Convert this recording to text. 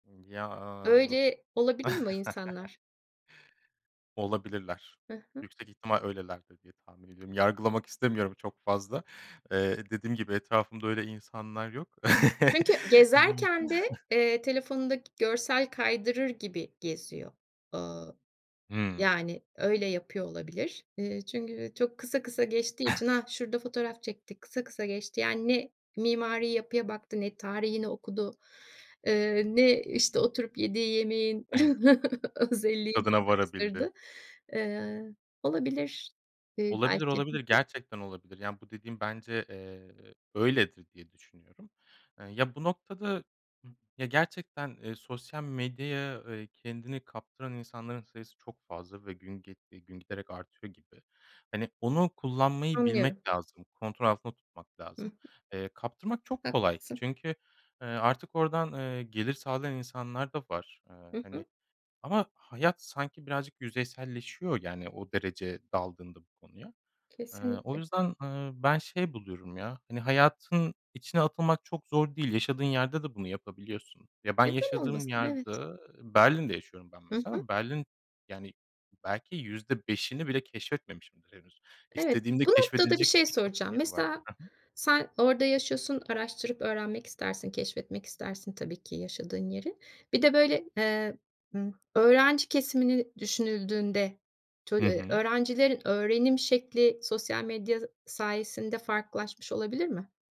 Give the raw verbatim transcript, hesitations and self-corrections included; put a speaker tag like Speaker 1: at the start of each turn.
Speaker 1: Imm, ya
Speaker 2: Öyle olabilir mi o insanlar?
Speaker 1: Olabilirler.
Speaker 2: Ha ha.
Speaker 1: Yüksek ihtimal öylelerdir diye tahmin ediyorum. Yargılamak istemiyorum çok fazla. Eee, dediğim gibi etrafımda öyle insanlar yok.
Speaker 2: Sanki
Speaker 1: Hı hı.
Speaker 2: gezerken de, eee, telefonundaki görsel kaydırır gibi geziyor. Ooo,
Speaker 1: Hımm.
Speaker 2: yani öyle yapıyor olabilir. Eee, çünkü, eee, çok kısa kısa geçtiği için hah, şurada fotoğraf çekti, kısa kısa geçti. Yani ne mimari yapıya baktı ne tarihini okudu. Eee, ne, işte, oturup yediği yemeğin özelliğini
Speaker 1: Tadına
Speaker 2: araştırdı.
Speaker 1: varabildi.
Speaker 2: Eee, olabilir, iii,
Speaker 1: Olabilir,
Speaker 2: belki. Hı
Speaker 1: olabilir,
Speaker 2: hı.
Speaker 1: gerçekten olabilir. Yani bu dediğin bence, eee, öyledir diye düşünüyorum. Iıı, ya bu noktada, ımm, ya gerçekten, eee, sosyal medyaya, eee, kendini kaptıran insanların sayısı çok fazla ve gün ge eee, gün giderek artıyor gibi. Hani onu kullanmayı
Speaker 2: Anlıyorum.
Speaker 1: bilmek lazım. Kontrol altında tutmak
Speaker 2: Hı hı.
Speaker 1: lazım. Eee, kaptırmak çok kolay
Speaker 2: Haklısın.
Speaker 1: çünkü, eee, artık oradan, eee, gelir sağlayan insanlar da var. Eee,
Speaker 2: Hı hı.
Speaker 1: hani, ama hayat sanki birazcık yüzeyselleşiyor, yani, o derece daldığında bu konuya. Eee, o
Speaker 2: Kesinlikle.
Speaker 1: yüzden, eee, ben şey buluyorum ya hani hayatın içine atılmak çok zor değil. Yaşadığın yerde de bunu yapabiliyorsun. Ya ben
Speaker 2: Neden
Speaker 1: yaşadığım
Speaker 2: olmasın?
Speaker 1: yerde
Speaker 2: Evet.
Speaker 1: Berlin'de yaşıyorum ben
Speaker 2: Hı
Speaker 1: mesela
Speaker 2: hı.
Speaker 1: ama Berlin Yani belki yüzde beşini bile keşfetmemişimdir henüz.
Speaker 2: Evet.
Speaker 1: İstediğimde
Speaker 2: Bu noktada bir
Speaker 1: keşfedilecek
Speaker 2: şey
Speaker 1: birçok
Speaker 2: soracağım.
Speaker 1: yeri var.
Speaker 2: Mesela
Speaker 1: Ha ha.
Speaker 2: sen orada yaşıyorsun, araştırıp öğrenmek istersin, keşfetmek istersin tabii ki yaşadığın yeri. Bir de, böyle, eee, ımm, öğrenci kesimini düşünüldüğünde tol
Speaker 1: Hı
Speaker 2: eee,
Speaker 1: hı.
Speaker 2: öğrencilerin öğrenim şekli sosyal medya z sayesinde farklılaşmış olabilir mi?